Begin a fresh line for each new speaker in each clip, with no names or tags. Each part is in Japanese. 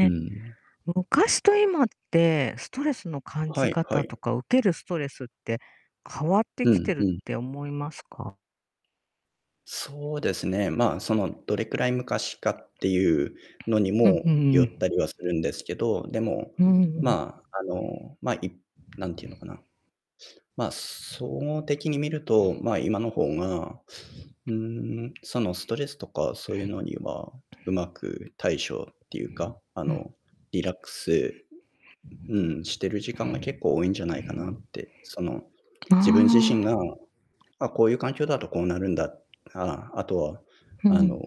うん。
昔と今ってストレスの感
は
じ
いは
方と
い。
か受けるストレスって変わって
う
きて
ん
るっ
うん。
て思いますか？
そうですね。ま、その、どれくらい昔かっていうのに
うん、
も
うんうんう
よっ
ん。
たりはするんですけど、でも、
うん。
ま、あの、ま、い何て言うのかな。ま、総合的に見ると、まあ、今の方が、ん、そのストレスとかそういうのには、上手く対処っていうか、あ
うん。
の、リラックス、うん、してる時間が結構多いんじゃないかなって。その、
あ
自分自身
あ。
が、あ、こういう環境だとこうなるんだ、あ、あとは、
う
あ
ん。
の、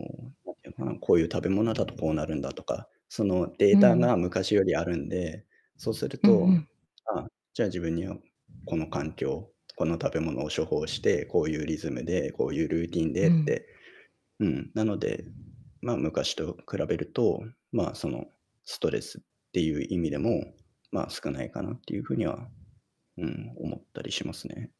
なんていうのかな、こういう食べ物だとこうなるんだとか、そのデ
う
ータ
ん。
が昔よりあるんで、そうする
うんう
と、
ん。
あ、じゃあ自分にはこの環境、この食べ物を処方して、こういうリズムで、こういうルーティン
う
でっ
ん。
て。うん、なので、ま、昔と比べると、ま、その、ストレスっていう意味でも、ま、少ないかなっていう風には、うん、思ったりしますね。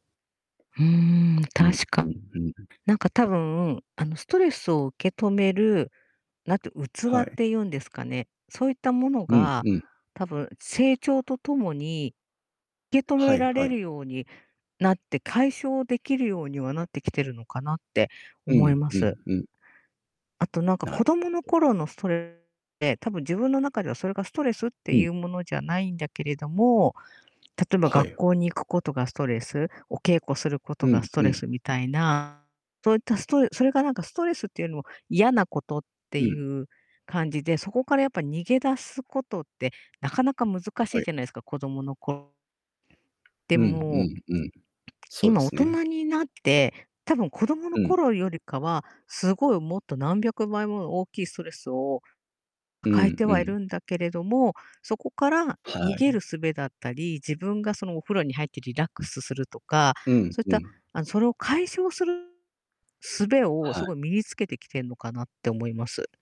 うーん、
うん
確
うん
か。
うん。
なんかたぶん、あのストレスを受け止める、なんていう器
は
っ
い。
ていうんですかね、そういったもの
うん
が
うん。
多分成長と共に受け止
は
め
い
ら
は
れる
い。
ようになって、解消できるようにはなってきてるのかなって
う
思い
ん
ま
う
す。
んうん。
あとなんか
な
子供の
[unintelligible]
頃のストレスって、たぶん自分の中ではそれがストレスって
う
い
ん。
うものじゃないんだけれども、例えば
は
学
い。
校に行くことがストレス、お稽古すること
う
が
ん
スト
う
レ
ん。
スみたいな、そういったストレそれがなんかストレスっていうのも嫌なことって
うん。
いう感じで、そこからやっぱ逃げ出すことってなかなか難し
は
い
い。
じゃないですか、子供の頃。で
うん
も
うんうん。そうで
今大
すね。
人になって、たぶん子供の
うん。
頃よりかは、すごいもっと何百倍もの大きいストレスを
う
抱え
ん
て
う
はい
ん。
るんだけれども、そこから逃
は
げ
い。
る術だったり、自分が、その、お風呂に入ってリラックスするとか、
うん
そういっ
う
た、
ん。
あの、それを解消する術を
は
す
い。
ごい身に着けてきてんのかなって思います。